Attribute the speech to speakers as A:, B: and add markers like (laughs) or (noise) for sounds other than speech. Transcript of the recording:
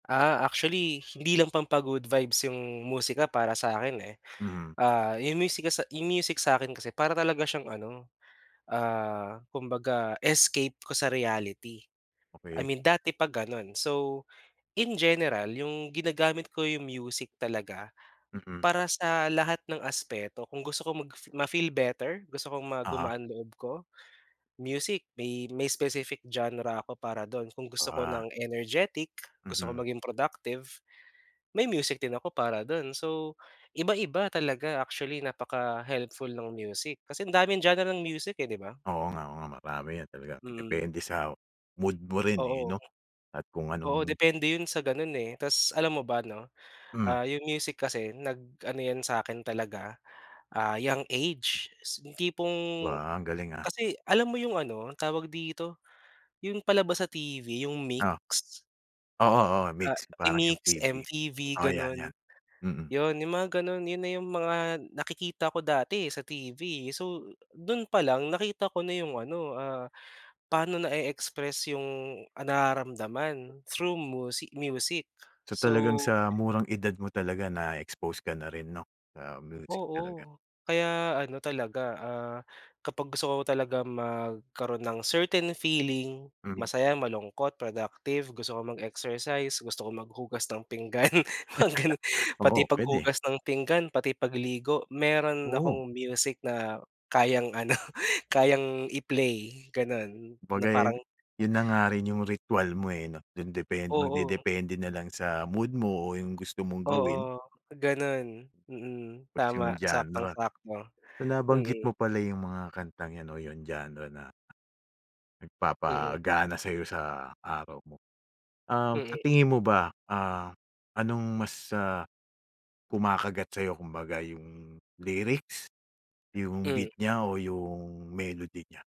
A: Ah, actually, hindi lang pampa-good vibes yung musika para sa akin eh.
B: Mm.
A: Ah, yung music kasa yung music sa akin kasi para talaga siyang ano, ah, kumbaga escape ko sa reality. I
B: Okey.
A: mean dati pa ganun. So, in general, yung ginagamit ko yung music talaga
B: Mm.
A: para sa lahat ng aspeto, kung gusto kong mag-fi ma-feel better gusto kong ma
B: Oo.
A: gumaan loob ko, music may may specific genre ako para dun kung gusto ko
B: Ah.
A: ng energetic, gusto ko
B: Mhm.
A: maging productive, may music din ako para dun. So iba-iba talaga actually napaka-helpful ng music kasi ang daming genre ng music eh, 'di ba?
B: Oo nga oo nga marami 'yan talagang
A: Mm.
B: depende sa mood mo rin eh
A: Oo.
B: 'no at kung
A: Oo,
B: anong
A: depende yun sa ganun eh, tas alam mo ba 'no,
B: Mm.
A: ah, yung music kasi nag-ano 'yan sa akin talaga, ah, young age, yung tipong
B: Ba ang galing ah.
A: kasi alam mo yung ano tawag dito? Yung palabas sa TV yung
B: Oh.
A: Mix?
B: Oo, oo
A: Ah,
B: Mix
A: eh,
B: parang
A: Mix,
B: MTV
A: MTV
B: oo 'yan, 'yan.
A: ganun.
B: Mm.
A: Yun yung mga ganon yun na yung mga nakikita ko dati eh sa TV eh. So dun palang nakita ko na yung ano, ah, paano na-e-express yung, ah, nararamdaman through musi music.
B: So talagang
A: So
B: sa murang edad mo talaga na-expose ka na rin, 'no, sa music talaga.
A: Oo, kaya ano talaga, ah, kapag gusto ko talaga magkaroon ng certain feeling
B: Mhm.
A: masaya, malungkot, productive, gusto ko mag-exercise, gusto ko maghugas ng pinggan, mga ganun.
B: (laughs)
A: Pati
B: Oo pwede.
A: paghugas ng pinggan, pati pagligo meron
B: Oo.
A: akong music na kayang ano, kayang i-play ganun, na parang
B: Kumbaga'y yun na nga rin yung ritwal mo eh 'no, dun depend
A: Oo.
B: magdedepende nalang sa mood mo o yung gusto mong gawin.
A: Oo, ganun, mm,
B: Tas
A: tama
B: yung genre.
A: saktong-sakto,
B: Binabanggit
A: mm.
B: mo pala yung mga kantang 'yan 'no yung genre na,
A: Mm.
B: nagpapagana sa'yo sa araw mo. Um, sa
A: Mm.
B: tingin mo ba, ah, anong mas, ah, kumakagat sa'yo kumbaga yung lyrics, yung
A: Mm.
B: beat niya, o yung melody niya?